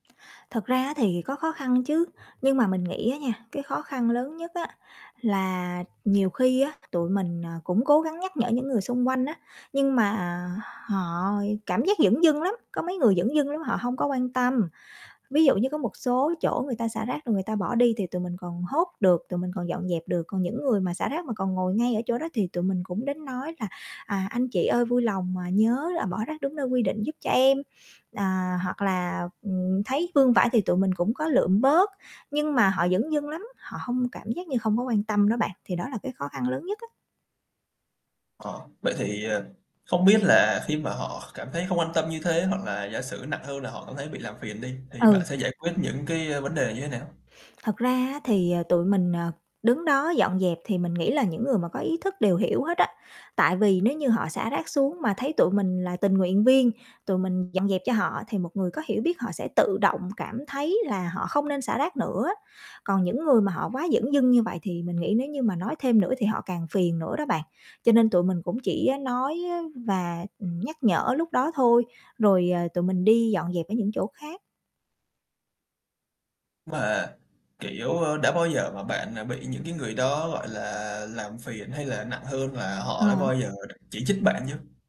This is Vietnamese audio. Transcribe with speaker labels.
Speaker 1: Thật ra á thì có khó khăn chứ, nhưng mà mình nghĩ á nha, cái khó khăn lớn nhất á, là nhiều khi á, tụi mình, ờ, cũng cố gắng nhắc nhở những người xung quanh á, nhưng mà họ cảm giác dửng dưng lắm, có mấy người dửng dưng lắm họ hông có quan tâm. Ví dụ như có một số chỗ người ta xả rác rồi người ta bỏ đi thì tụi mình còn hốt được, tụi mình còn dọn dẹp được, còn những người mà xả rác mà còn ngồi ngay ở chỗ đó thì tụi mình cũng đến nói là "À, anh chị ơi vui lòng, à, nhớ là bỏ rác đúng nơi quy định giúp cho em." À, hoặc là, ừm, thấy vương vãi thì tụi mình cũng có lượm bớt, nhưng mà họ dửng dưng lắm, họ hông cảm giác như hông có quan tâm đó bạn, thì đó là cái khó khăn lớn nhất á.
Speaker 2: Ờ, vậy thì, ờ, không biết là khi mà họ cảm thấy không quan tâm như thế hoặc là giả sử nặng hơn là họ cảm thấy bị làm phiền đi, thì bạn
Speaker 1: Ừ.
Speaker 2: sẽ giải quyết những cái, ờ, vấn đề này như thế nào?
Speaker 1: Thật ra á, thì, ờ, tụi mình, ờ, đứng đó dọn dẹp thì mình nghĩ là những người mà có ý thức đều hiểu hết á, tại vì nếu như họ xả rác xuống mà thấy tụi mình là tình nguyện viên, tụi mình dọn dẹp cho họ thì một người có hiểu biết họ sẽ tự động cảm thấy là họ không nên xả rác nữa. Còn những người mà họ quá dửng dưng như vậy thì mình nghĩ nếu như mà nói thêm nữa thì họ càng phiền nữa đó bạn, cho nên tụi mình cũng chỉ nói và, ừ, nhắc nhở lúc đó thôi, rồi, ờ, tụi mình đi dọn dẹp ở những chỗ khác.
Speaker 2: Mà, kiểu, ơ, đã bao giờ mà bạn, à, bị những cái người đó, gọi là, làm phiền hay là nặng hơn là
Speaker 1: Ờ.
Speaker 2: họ đã bao giờ chỉ trích bạn chưa?